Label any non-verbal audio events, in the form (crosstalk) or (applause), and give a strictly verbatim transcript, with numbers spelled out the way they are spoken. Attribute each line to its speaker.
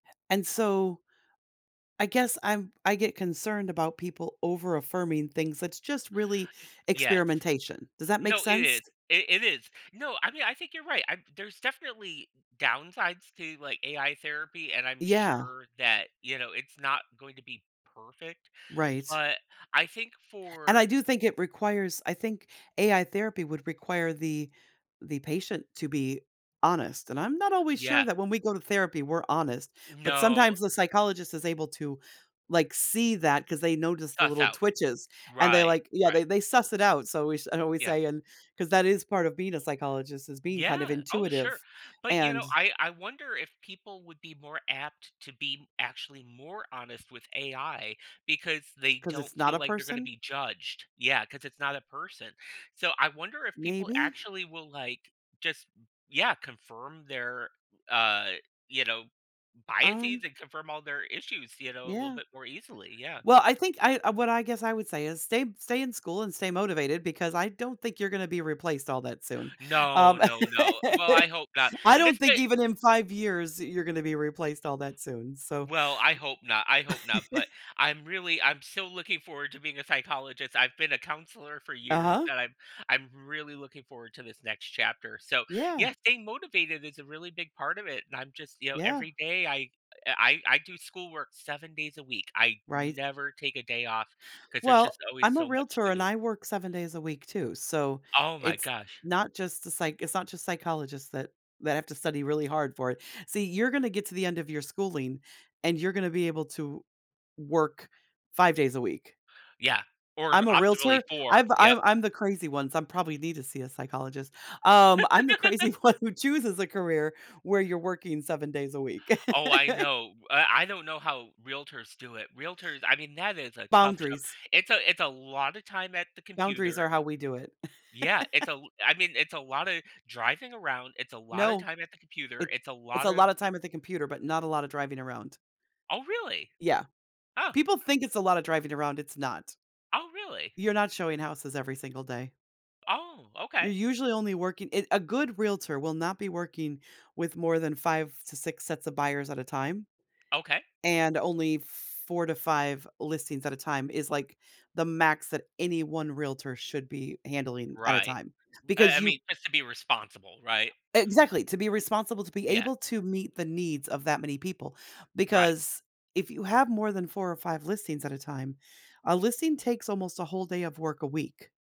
Speaker 1: And so, I guess I'm I get concerned about people over-affirming things that's just really
Speaker 2: M Yes.
Speaker 1: experimentation. Does that make
Speaker 2: No, it
Speaker 1: sense?
Speaker 2: is. It it is. No, I mean, I think you're right, I'm there's definitely downsides to, like, AI therapy and I'm
Speaker 1: Yeah.
Speaker 2: sure that, you know, it's not going to be perfect,
Speaker 1: Right.
Speaker 2: but I think
Speaker 1: And
Speaker 2: for
Speaker 1: I do think it requires I think AI therapy would require the the patient to be honest, and I'm not always sure
Speaker 2: Yeah.
Speaker 1: that when we go to therapy, we're honest, but,
Speaker 2: No.
Speaker 1: sometimes the psychologist is able to, like, see that 'cause they notice the
Speaker 2: Stuff
Speaker 1: little
Speaker 2: out.
Speaker 1: twitches and they,
Speaker 2: Right.
Speaker 1: like yeah,
Speaker 2: Right.
Speaker 1: they they suss it out so, we sh I always
Speaker 2: Yeah.
Speaker 1: say and 'cause that is part of being a psychologist is being kind of
Speaker 2: Yeah. Oh, sure.
Speaker 1: intuitive,
Speaker 2: But you
Speaker 1: and
Speaker 2: know, I I wonder if people would be more apt to be actually more honest with AI because they
Speaker 1: 'Cause
Speaker 2: don't
Speaker 1: it's not
Speaker 2: feel
Speaker 1: a
Speaker 2: like they're gonna
Speaker 1: person?
Speaker 2: be judged. Yeah, 'cause it's not a person. So, I wonder if people
Speaker 1: Maybe.
Speaker 2: actually will, like just yeah confirm their, uh, you know,
Speaker 1: Um
Speaker 2: biases and confirm all their issues, you know, a little
Speaker 1: Yeah.
Speaker 2: bit more easily, yeah.
Speaker 1: Well, I think, I uh, what I guess I would say, is stay stay in school, and stay motivated, because I don't think you're gonna be replaced all that soon.
Speaker 2: No,
Speaker 1: Um,
Speaker 2: no, no. Well,
Speaker 1: (laughs)
Speaker 2: I hope not
Speaker 1: I
Speaker 2: and
Speaker 1: don't
Speaker 2: this
Speaker 1: think
Speaker 2: may
Speaker 1: even in five years, you're gonna be replaced all that soon, so
Speaker 2: Well, I hope not, I hope not,
Speaker 1: (laughs)
Speaker 2: but I'm really I'm still looking forward to being a psychologist I've been a counselor for years
Speaker 1: Uh-huh.
Speaker 2: that I'm I'm really looking forward to this next chapter so,
Speaker 1: Yeah.
Speaker 2: yes, staying motivated is a really big part of it, and I'm just you know,
Speaker 1: Yeah.
Speaker 2: every day I I I do schoolwork seven days a week I
Speaker 1: Right.
Speaker 2: never take a day off 'cause there's just
Speaker 1: Well,
Speaker 2: always
Speaker 1: I'm a
Speaker 2: so much
Speaker 1: realtor,
Speaker 2: to
Speaker 1: and
Speaker 2: do.
Speaker 1: I work seven days a week too so,
Speaker 2: Oh my
Speaker 1: it's
Speaker 2: gosh.
Speaker 1: not just the psych it's not just psychologists that that have to study really hard for it. See, you're gonna get to the end of your schooling, and you're gonna be able to work five days a week.
Speaker 2: Yeah. Or
Speaker 1: I'm a
Speaker 2: optimally,
Speaker 1: realtor
Speaker 2: four,
Speaker 1: I've I'm
Speaker 2: yep.
Speaker 1: I'm I'm the crazy one, so, I'm probably need to see a psychologist. Um, I'm the crazy
Speaker 2: (laughs)
Speaker 1: one who chooses a career where you're working seven days a week.
Speaker 2: Oh,
Speaker 1: (laughs)
Speaker 2: I know. I I don't know how realtors do it Realtors I mean, that is a tough job
Speaker 1: Boundaries.
Speaker 2: it's a it's a lotta time at the
Speaker 1: Boundaries
Speaker 2: computer
Speaker 1: are how we do it.
Speaker 2: yeah, it's a
Speaker 1: (laughs)
Speaker 2: l I mean, it's a lotta driving around, it's a lotta
Speaker 1: No.
Speaker 2: time at the computer,
Speaker 1: It
Speaker 2: it's a
Speaker 1: it's
Speaker 2: lot
Speaker 1: a
Speaker 2: of
Speaker 1: lotta
Speaker 2: yep
Speaker 1: time at the computer, but not a lot of driving around.
Speaker 2: Oh, really?
Speaker 1: Yeah.
Speaker 2: Ah.
Speaker 1: People think it's a lotta driving around, it's not.
Speaker 2: Oh, really?
Speaker 1: You're not showing houses every single day.
Speaker 2: Oh,
Speaker 1: You're
Speaker 2: okay.
Speaker 1: usually only working eh, a good realtor will not be working with more than five to six sets of buyers at a time,
Speaker 2: Okay.
Speaker 1: and only four to five listings at a time is, like, the max that any one realtor should be handling at a
Speaker 2: Right,
Speaker 1: time,
Speaker 2: b I I
Speaker 1: because you
Speaker 2: mean, just to be responsible, right?
Speaker 1: Exactly, to be responsible, to be
Speaker 2: Yes.
Speaker 1: able to meet the needs of that many people
Speaker 2: Right.
Speaker 1: because if you have more than four or five listings at a time, a listing takes almost a whole day of work a week.